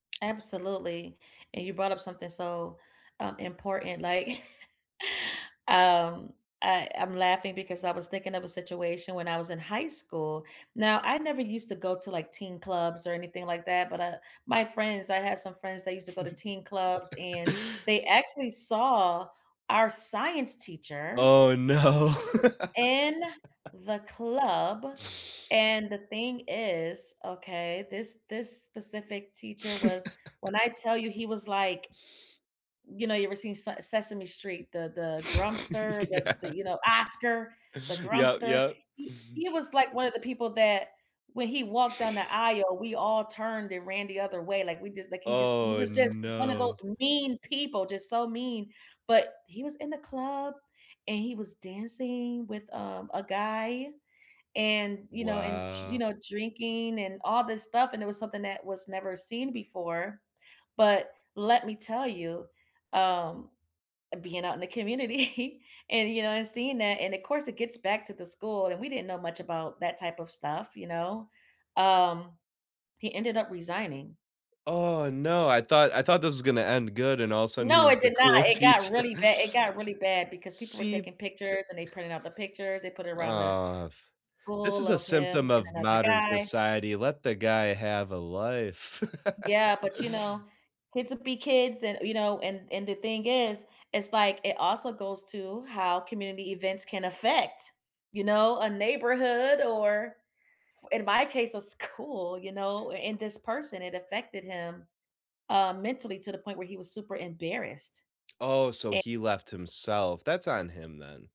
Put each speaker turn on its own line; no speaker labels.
Absolutely, and you brought up something so, um, important, like, um, I I'm laughing because I was thinking of a situation when I was in high school. Now, I never used to go to, like, teen clubs or anything like that, but, uh, my friends I had some friends that used to go to teen clubs, and they actually saw our science teacher
Oh, no.
in the club, and the thing is, okay, this this specific teacher was when I tell you he was like you know, you ever seen S Sesame Street, the the Grumpster, the the,
Yeah.
you know, Oscar, the
Yep,
Grumpster,
yep.
he he was like one of the people that, when he walked on the aisle, we all turned and ran the other way, like, we just like he just he
Oh,
was just one of those
no.
mean people, just so mean, but, he was in the club, and he was dancing with, um, a guy, and you know, and d you
Wow.
know, drinking and all this stuff, and it was something that was never seen before, but let me tell you, um, being out in the community and, you know, and seeing that, and of course it gets back to the school and we didn't know much about that type of stuff, you know, um, he ended up resigning.
Oh no, I thought I thought this was gonna end good, and all a sudden he
No, it
was the
did not,
cool
it got
teacher.
really bad, It got really bad, because people were
See, th
taking pictures and they printed out the pictures, they put it around the
aw, f this
school
is a
of him
symptom
and
of
another
modern
guy.
society, let the guy have a life.
Yeah, but, you know, kids will be kids and you know, and and the thing is, it's like, it also goes to how community events can affect, you know, a neighborhood or f in my case, a school, you know, and this person, it affected him, uh, mentally to the point where he was super embarrassed.
Oh, so
Eh
he left himself, that's on him, then.